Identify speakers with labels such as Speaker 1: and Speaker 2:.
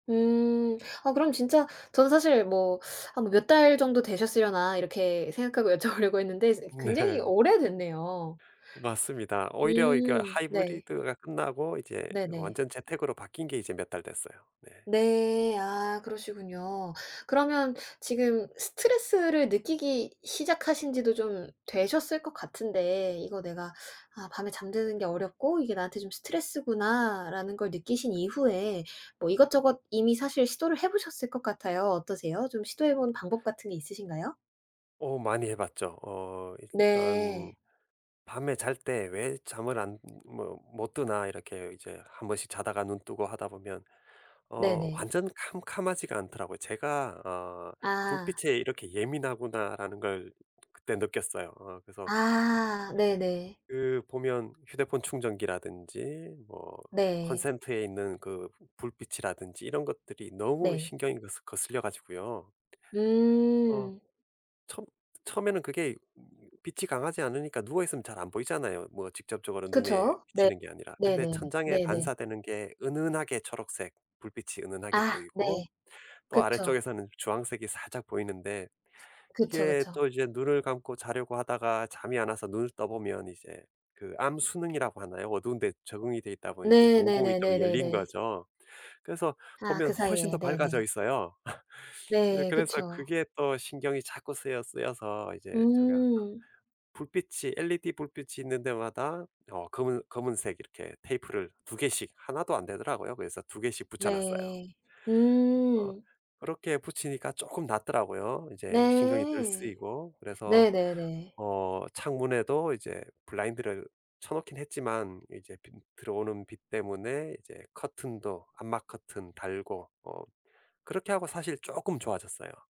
Speaker 1: 음. 아 그럼 진짜 저도 사실 뭐 '한 몇 달 정도 되셨으려나.' 이렇게 생각하고 여쭤보려고 했는데 이제 그 굉장히
Speaker 2: 네.
Speaker 1: 오래됐네요.
Speaker 2: 맞습니다. 오히려 이거
Speaker 1: 음. 네.
Speaker 2: 하이브리드가 끝나고 이제
Speaker 1: 네네.
Speaker 2: 완전 재택으로 바뀐 게 이제 몇 달 됐어요. 네.
Speaker 1: 네. 아. 그러시군요. 그러면 지금 스트레스를 느끼기 시작하신 지도 좀 되셨을 것 같은데, 이거 내가 '아, 밤에 잠드는 게 어렵고 이게 나한테 좀 스트레스구나.'라는 걸 느끼신 이후에 뭐 이것저것 이미 사실 시도를 해 보셨을 것 같아요. 어떠세요? 좀 시도해 본 방법 같은 게 있으신가요?
Speaker 2: 어. 많이 해 봤죠. 어 일단
Speaker 1: 네.
Speaker 2: 밤에 잘 때 왜 잠을 안 모 못 드나. 이렇게 이제 한 번씩 자다가 눈 뜨고 하다 보면 어
Speaker 1: 네네.
Speaker 2: 완전 캄캄하지가 않더라고요. 제가 어
Speaker 1: 아.
Speaker 2: '불빛에 이렇게 예민하구나.'라는 걸 그때 느꼈어요. 어 그래서
Speaker 1: 아. 네네.
Speaker 2: 그 보면 휴대폰 충전기라든지, 뭐
Speaker 1: 네.
Speaker 2: 콘센트에 있는 그 불빛이라든지 이런 것들이 너무
Speaker 1: 네.
Speaker 2: 신경에 거슬 거슬려 가지고요. 어.
Speaker 1: 음.
Speaker 2: 첨 처음에는 그게 빛이 강하지 않으니까 누워 있으면 잘 안 보이잖아요, 뭐 직접적으로 눈에
Speaker 1: 그쵸. 네.
Speaker 2: 비치는 게 아니라. 근데
Speaker 1: 네네.
Speaker 2: 천장에
Speaker 1: 네네.
Speaker 2: 반사되는 게 은은하게 초록색 불빛이 은은하게
Speaker 1: 아.
Speaker 2: 보이고,
Speaker 1: 네.
Speaker 2: 또
Speaker 1: 그쵸.
Speaker 2: 아래쪽에서는 주황색이 살짝 보이는데
Speaker 1: 그쵸.
Speaker 2: 이게
Speaker 1: 그쵸.
Speaker 2: 또 이제 눈을 감고 자려고 하다가 잠이 안 와서 눈을 떠 보면 이제 그 암순응이라고 하나요? 어두운데 적응이 돼 있다 보니 이제
Speaker 1: 네.
Speaker 2: 동공이 좀 열린
Speaker 1: 네네네네네.
Speaker 2: 거죠. 그래서
Speaker 1: 아,
Speaker 2: 보면
Speaker 1: 그
Speaker 2: 훨씬
Speaker 1: 사이에.
Speaker 2: 더 밝아져
Speaker 1: 네네.
Speaker 2: 있어요. 이
Speaker 1: 네.
Speaker 2: 그래서
Speaker 1: 그쵸.
Speaker 2: 그게 또 신경이 자꾸 쓰여 쓰여서 이제 제가 그
Speaker 1: 음.
Speaker 2: 불빛이 엘이디 불빛이 있는 데마다 어 검은 검은색 이렇게 테이프를 2 개씩. 1도 안 되더라고요. 그래서 2 개씩 붙여 놨어요.
Speaker 1: 네.
Speaker 2: 어.
Speaker 1: 음.
Speaker 2: 그렇게 붙이니까 조금 낫더라고요, 이제 신경이 덜
Speaker 1: 네.
Speaker 2: 쓰이고. 그래서
Speaker 1: 네네네.
Speaker 2: 어 창문에도 이제 블라인드를 쳐놓긴 했지만 이제 빛 들어오는 빛 때문에 이제 커튼도 암막 커튼 달고, 어 그렇게 하고 사실 조금 좋아졌어요.